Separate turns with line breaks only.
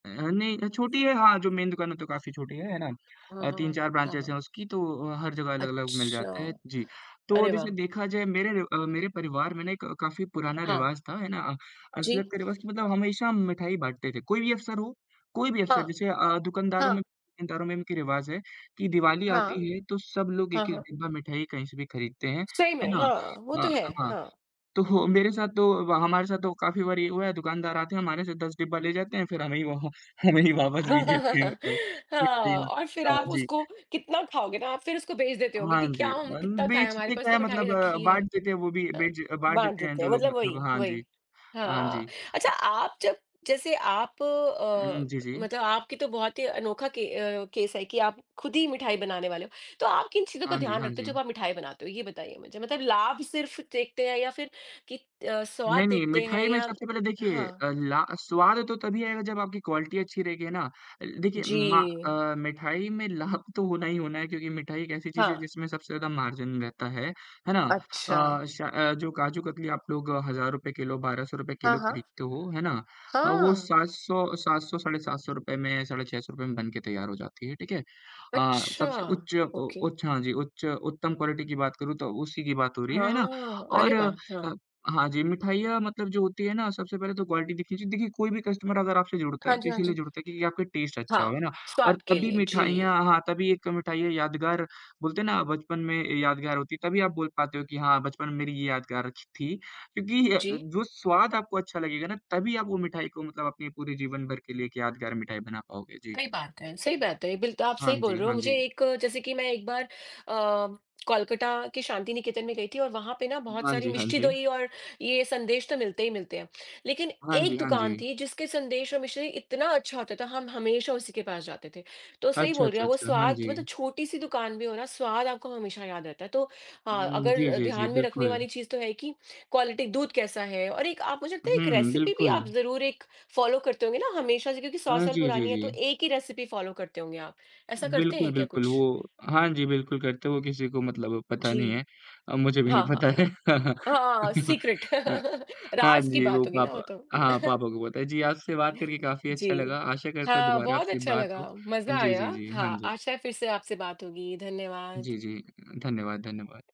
अ, नहीं अ, छोटी है हाँ, जो मेन दुकान है, वो तो काफ़ी छोटी है, है ना?
हाँ,
अ,
हाँ,
तीन
हाँ,
चार
हाँ,
ब्रांचेज़
हाँ।
हैं उसकी, तो अ, हर जगह अलग-अलग मिल
अच्छा,
जाते हैं, जी। तो
अरे
जैसे
वाह!
देखा जाए मेरे र अ, मेरे परिवार में ना एक काफ़ी पुराना
हाँ
रिवाज़ था है ना,
जी।
असलत का रिवाज़ कि मतलब हमेशा हम मिठाई बाँटते थे। कोई भी अवसर हो, कोई भी अवसर
हाँ।
जैसे अ, दुकानदारों में
हाँ।
दुकानदारों में इनकी रिवाज़ है, कि दिवाली
हाँ।
आती है तो सब लोग
हाँ,
1-1
हाँ।
डिब्बा मिठाई कहीं से भी खरीदते हैं,
सही
है
में,
ना?
हाँ, वो तो
अ,
है,
हाँ,
हाँ।
तो मेरे साथ तो वा हमारे साथ तो काफ़ी बार ये हुआ है, दुकानदार आते हैं हमारे से 10 डिब्बा ले जाते हैं फिर हमें ही वो, हमें ही वापस भी देते हैं मतलब कितनी
हाँ और
बार
फिर
हाँ
आप
जी।
उसको कितना खाओगे ना, आप फिर उसको बेच देते होगे
हाँ
कि क्या
जी
हम
अ,
कितना खाएँ, हमारे
बेचते
पास
क्या
तो
है
मिठाई
मतलब
रखी है।
बाँट देते हैं वो भी,
अ,
बेच बाँट
बाँट
देते हैं
देते हैं,
जो लोग
मतलब
मतलब
वही
हाँ
वही।
जी, हाँ
हाँ,
जी।
अच्छा
अ
आप जब जैसे आप
हुँ,
अ,
जी, जी।
मतलब आपकी तो बहुत ही अनोखा के अ, केस है कि आप खुद ही मिठाई बनाने वाले हो, तो आप किन चीज़ों का
हाँ जी,
ध्यान
हाँ
रखते हो
जी।
जब आप मिठाई बनाते हो? ये बताइए मुझे, मतलब लाभ सिर्फ़ देखते हैं या फिर कित अ, स्वाद
नहीं, नहीं,
देखते हैं
मिठाई में
या
सबसे पहले देखिए
हाँ।
अ, ला स्वाद तो तभी आएगा जब आपकी क्वालिटी अच्छी रहेगी, है ना? अ, देखिए मा
जी।
अ, मिठाई में लाभ तो होना ही होना है, क्योंकि मिठाई एक ऐसी चीज़ है,
हाँ।
जिसमें सबसे ज़्यादा मार्जिन रहता है, है ना?
अच्छा।
अ, श अ, जो काजू कतली आप लोग ₹1000 किलो, 1200 रुपये
हाँ,
किलो
हाँ।
खरीदते हो, है ना? अ, वो
हाँ।
700, 700 साढ़े 700 रुपये में, साढ़े 600 रुपये में बनके तैयार हो जाती है, ठीक है? अ,
अच्छा,
सबसे उच्च ओ
ओके।
उच्च हाँ जी, उच्च उत्तम क्वालिटी की बात करूँ तो उसी की बात हो रही है, है ना?
हाँ, अरे
और
वाह! हाँ।
अ, हाँ जी, मिठाइयाँ मतलब जो होती हैं ना, सबसे पहले तो क्वालिटी देखनी चाहिए। देखिए, कोई भी कस्टमर अगर आपसे जुड़ता
हाँ
है, तो
जी, हाँ
इसीलिए
जी।
जुड़ता है कि आपका टेस्ट अच्छा हो, है
हाँ,
ना? और
स्वाद के
तभी
लिए,
मिठाइयाँ
जी।
हाँ, तभी एक ये मिठाई यादगार, बोलते हैं ना बचपन में यादगार होती है, तभी आप बोल पाते हो कि हाँ, बचपन में मेरी ये यादगार अच्छी थी, क्योंकि
जी।
जो स्वाद आपको अच्छा लगेगा ना, तभी आप वो मिठाई को मतलब अपने पूरे जीवन भर के लिए एक यादगार मिठाई बना पाओगे। जी।
सही बात है सही बात है, बिल्त आप
हाँ
सही बोल
जी,
रहे हो।
हाँ
मुझे
जी।
एक जैसे कि मैं एक बार अ, कोलकाता के शांति निकेतन में गई थी और वहाँ पे ना बहुत
हाँ
सारी
जी, हाँ
मिष्टी
जी।
दोई और ये संदेश तो मिलते ही मिलते हैं, लेकिन
हाँ
एक
जी, हाँ
दुकान
जी।
थी जिसके संदेश और मिश्री इतना अच्छा होता था, हम हमेशा उसी के पास जाते थे। तो सही
अच्छा,
बोल रहे
अच्छा,
हैं, वो
अच्छा, हाँ
स्वाद मतलब
जी।
छोटी-सी दुकान भी हो ना, स्वाद आपको हमेशा याद रहता है, तो हाँ,
हुँ,
अगर
जी,
अ,
जी, जी,
ध्यान में रखने
बिल्कुल।
वाली चीज़ तो है, कि क्वालिटी दूध कैसा है? और एक आप मुझे लगता है एक
हुँ,
रेसिपी भी आप
बिल्कुल।
ज़रूर एक फॉलो करते होंगे ना, हमेशा से क्योंकि 100
हाँ
साल
जी, जी,
पुरानी है तो
जी।
एक ही रेसिपी फॉलो करते होंगे आप। ऐसा करते
बिल्कुल,
हैं क्या
बिल्कुल वो
कुछ?
हाँ जी, बिल्कुल करते वो किसी को मतलब पता नहीं
जी।
है अ, मुझे भी नहीं
हाँ,
पता
हाँ।
है।
हाँ, सीक्रेट,
अ, हाँ
राज़ की
जी, वो
बात होगी ना वो
पापा
तो।
हाँ, पापा को पता है। जी, आपसे बात करके काफ़ी अच्छा
जी।
लगा, आशा करता हूँ
हाँ,
दोबारा
बहुत
आपसे
अच्छा
बात
लगा,
हो अ,
मज़ा
जी,
आया,
जी, जी, हाँ
हाँ,
जी।
आशा है फिर से आपसे बात होगी, धन्यवाद।
जी, जी अ, धन्यवाद, धन्यवाद।